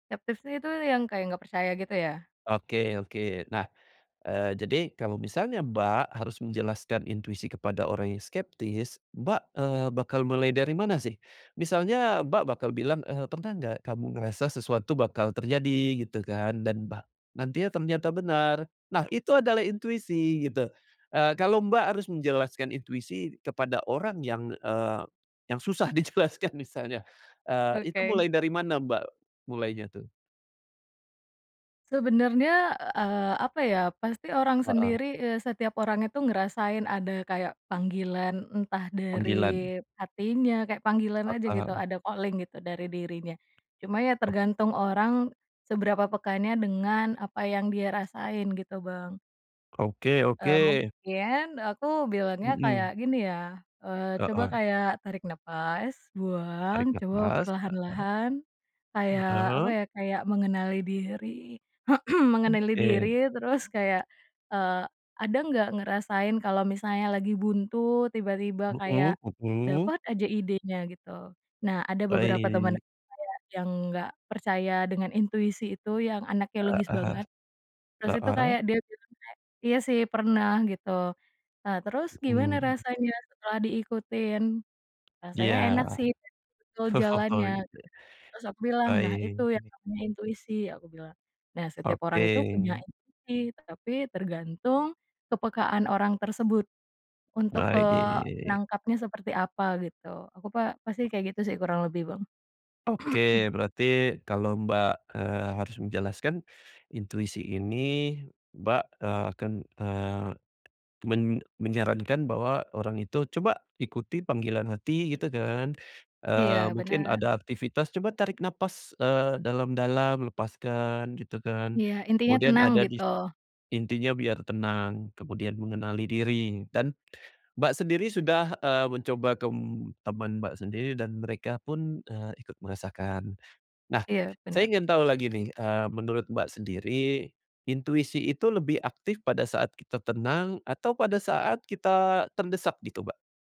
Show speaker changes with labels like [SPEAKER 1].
[SPEAKER 1] Skeptisnya itu, yang kayak nggak percaya gitu, ya?
[SPEAKER 2] Oke oke. Nah, eee, jadi, kalau misalnya Mbak, harus menjelaskan intuisi kepada orang yang skeptis, Mbak, eee, bakal mulai dari mana sih? Misalnya Mbak bakal bilang, eee, pernah nggak, kamu ngerasa sesuatu bakal terjadi, gitu kan? Dan ba nantinya ternyata benar. Nah, itu adalah intuisi gitu. Eee, kalau Mbak harus menjelaskan intuisi kepada orang yang, eee, yang susah dijelaskan misalnya, eee, itu mulai
[SPEAKER 1] Oke.
[SPEAKER 2] dari mana Mbak? Mulainya tuh?
[SPEAKER 1] Sebenarnya, eee, apa ya, pasti orang
[SPEAKER 2] Heeh.
[SPEAKER 1] sendiri, eee, setiap orang itu ngerasain ada kayak, panggilan entah
[SPEAKER 2] Panggilan.
[SPEAKER 1] dari hatinya, kayak panggilan aja, gitu.
[SPEAKER 2] Heeh.
[SPEAKER 1] Ada calling gitu dari dirinya. Cuma ya,
[SPEAKER 2] Oh.
[SPEAKER 1] tergantung orang, seberapa peka nya dengan apa yang dia rasain, gitu Bang.
[SPEAKER 2] Oke oke.
[SPEAKER 1] Eee, mungkin, aku bilangnya kayak
[SPEAKER 2] Mhm.
[SPEAKER 1] gini, ya. Eee, coba
[SPEAKER 2] Heeh.
[SPEAKER 1] kayak, tarik nafas,
[SPEAKER 2] Tarik
[SPEAKER 1] buang, coba
[SPEAKER 2] napas. Heeh.
[SPEAKER 1] perlahan-lahan. Kayak, apa
[SPEAKER 2] Heeh.
[SPEAKER 1] ya, kayak mengenali diri mengenali diri,
[SPEAKER 2] Oke.
[SPEAKER 1] terus kayak, eee, ada nggak ngerasain kalau misalnya lagi buntu, tiba-tiba kayak,
[SPEAKER 2] Mhm mhm.
[SPEAKER 1] dapat aja idenya, gitu. Nah, ada beberapa teman
[SPEAKER 2] Baik.
[SPEAKER 1] saya yang nggak percaya dengan intuisi itu, yang anaknya logis
[SPEAKER 2] Heeh.
[SPEAKER 1] banget. Terus itu,
[SPEAKER 2] Heeh.
[SPEAKER 1] kayak dia bilang kayak, "Iya sih pernah," gitu. "Nah, terus gimana
[SPEAKER 2] Hmm.
[SPEAKER 1] rasanya setelah diikutin?""Rasanya
[SPEAKER 2] Iya.
[SPEAKER 1] enak sih, betul
[SPEAKER 2] Oh
[SPEAKER 1] jalannya."
[SPEAKER 2] gitu, ya.
[SPEAKER 1] Terus aku bilang, "Nah itu
[SPEAKER 2] Baik.
[SPEAKER 1] yang namanya intuisi." Aku bilang. Nah, setiap orang itu, punya
[SPEAKER 2] Oke.
[SPEAKER 1] intuisi tetapi tergantung, kepekaan orang tersebut. Untuk, eee,
[SPEAKER 2] Baik.
[SPEAKER 1] nangkapnya seperti apa, gitu. Aku pa pasti kayak gitu sih, kurang lebih Bang.
[SPEAKER 2] Oke. Berarti, kalau Mbak, eee, harus menjelaskan. Intuisi ini Mbak, eee, akan eee, men menyarankan bahwa, orang itu, coba ikuti panggilan hati, gitu kan.
[SPEAKER 1] Iya,
[SPEAKER 2] Eee, mungkin
[SPEAKER 1] bener.
[SPEAKER 2] ada aktivitas coba tarik nafas, eee, dalam-dalam, lepaskan, gitu kan.
[SPEAKER 1] Ya. Intinya
[SPEAKER 2] Kemudian
[SPEAKER 1] tenang,
[SPEAKER 2] ada di
[SPEAKER 1] gitu.
[SPEAKER 2] intinya biar tenang. Kemudian mengenali diri. Dan Mbak sendiri sudah, eee, mencoba tem teman Mbak sendiri, dan mereka pun, eee, ikut merasakan. Nah,
[SPEAKER 1] Iya.
[SPEAKER 2] saya
[SPEAKER 1] Bener.
[SPEAKER 2] ingin tahu lagi nih, eee, menurut Mbak sendiri, intuisi itu lebih aktif pada saat kita tenang atau pada saat kita terdesak, gitu, Mbak?